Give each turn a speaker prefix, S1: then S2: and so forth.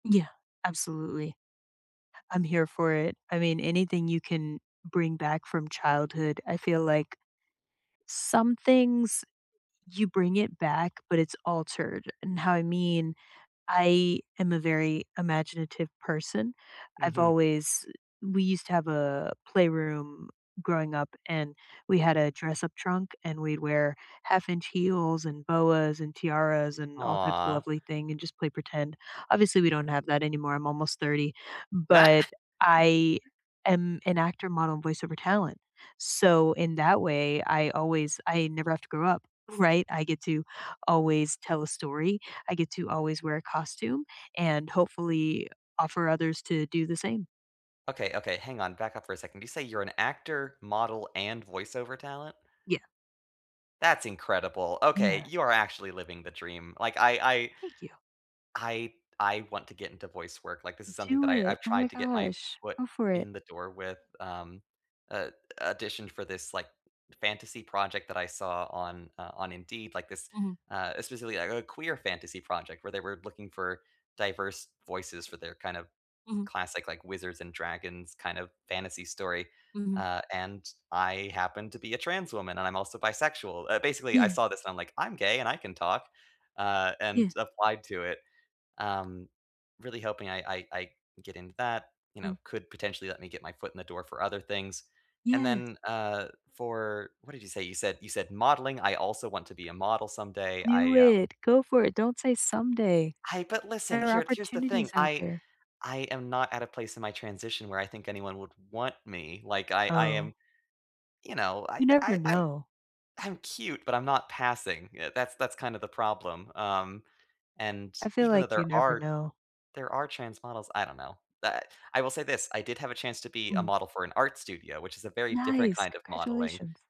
S1: Yeah. Absolutely. I'm here for it. I mean, anything you can bring back from childhood, I feel like some things you bring it back, but it's altered, and how I mean, I am a very imaginative person. I've
S2: Mhm.
S1: always we used to have a playroom growing up, and we had a dress-up trunk, and we'd wear half-inch heels, and boas, and tiaras, and all types of
S2: Aw.
S1: lovely thing, and just play pretend. Obviously, we don't have that anymore, I'm almost 30,
S2: That
S1: but
S2: c
S1: I am an actor, model, and voice over talent. So in that way, I always I never have to grow up, right? I get to always tell a story, I get to always wear a costume and hopefully, offer others to do the same.
S2: Okay, okay, hang on. Back up for a second. Did you say you're an actor, model, and voice over talent?
S1: Yeah.
S2: That's incredible. Okay,
S1: Yeah.
S2: you're actually living the dream. Like, I I
S1: Thank you.
S2: I I want to get into voice work. Like, is something
S1: Do
S2: that I
S1: it.
S2: I've
S1: Oh my
S2: tried to get my
S1: gosh.
S2: foot
S1: Go for it.
S2: in the door with, um, a addition for this like fantasy project that I saw on uh, on Indeed, like this
S1: Mhm.
S2: uh, especially, like, a queer fantasy project where they were looking for diverse voices for their kind of
S1: Mhm.
S2: classic, like, wizards and dragons kind of fantasy story,
S1: Mhm.
S2: ah, and I happen to be a trans woman and I'm also bisexual. Uh, basically, I
S1: Yeah.
S2: saw this and I'm like, "I'm gay and I can talk," uh, and
S1: Yeah.
S2: applied to it. Um, really hoping I I I get into that, you know,
S1: Mm.
S2: could potentially let me get my foot in the door for other things. And
S1: Yeah.
S2: then, uh, for what did you say? You said you said modeling, I also want to be a model someday.
S1: Do
S2: I, um
S1: it. Go for it. Don't say someday.
S2: I but listen,
S1: There are
S2: here here's the
S1: opportunities
S2: thing.
S1: out
S2: I
S1: there.
S2: I am not at a place in my transition where I think anyone would want me. Like I I
S1: Oh.
S2: am you know, I
S1: You never
S2: I I'm
S1: know.
S2: I'm cute, but I'm not passing. Eh, that's that's kind of the problem. Um, and
S1: I feel
S2: even though
S1: like you
S2: there
S1: never
S2: are
S1: know.
S2: there are trans models I don't know. Da I will say this, I did have a chance to be a
S1: Mm.
S2: model for an art studio, which is a very different
S1: Nice.
S2: kind of modeling.
S1: Congratulations.